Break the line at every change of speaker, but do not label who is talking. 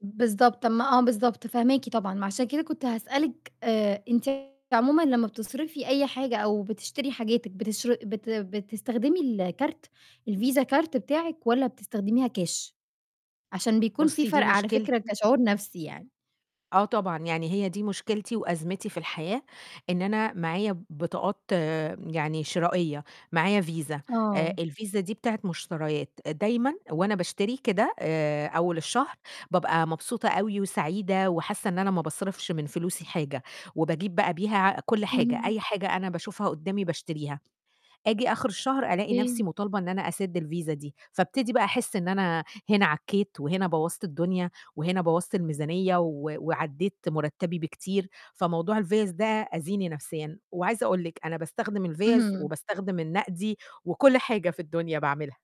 بالضبط، ما آه بالضبط فاهماكِ طبعًا، ما عشان كده كنت هاسألِك آآ أنتِ عمومًا لمّا بتصرفي أي حاجة أو بتشتري حاجاتِك بتشر بت بتستخدمي الكارت الفيزا كارت بتاعِك، والّا بتستخدميها كاش؟ عشان بيكون في
بُصّي دي
فَرْق على فكرة
مشكلتي
كشعور نفْسي يعني.
آه طبعًا يعني هي دي مشكلتي وأزمتي في الحياة، إن أنا معايا بطاقات يعني شرائية، معايا فيزا آآ
آه.
الفيزا دي بتاعة مشتريات، دايمًا وأنا باشتري كده آآ أول الشهر، بابقى مبسوطة أوي وسعيدة وحاسّة إن أنا ما باصرفش من فلوسي حاجة، وباجيب بقى بيها كلّ حاجة
اهم.
أي حاجة أنا باشوفها قدَّامي باشتريها، آجي آخر الشهر ألاقي نفْسي
أوكي.
مطالبة إن أنا أسد الفيزا دي، فابتدي بقى أحس إن أنا هنا عكّيت وهنا بوَّظت الدنيا، وهنا بوَّظت الميزانية، و وعدِّيت مرتّبي بكتير، فموضوع الفِيَز ده آذيني نفْسيًا، وعايزة أقول لكِ أنا باستخدم الفِيَز
اهم.
وباستخدم النقدي، وكلّ حاجة في الدنيا باعملها.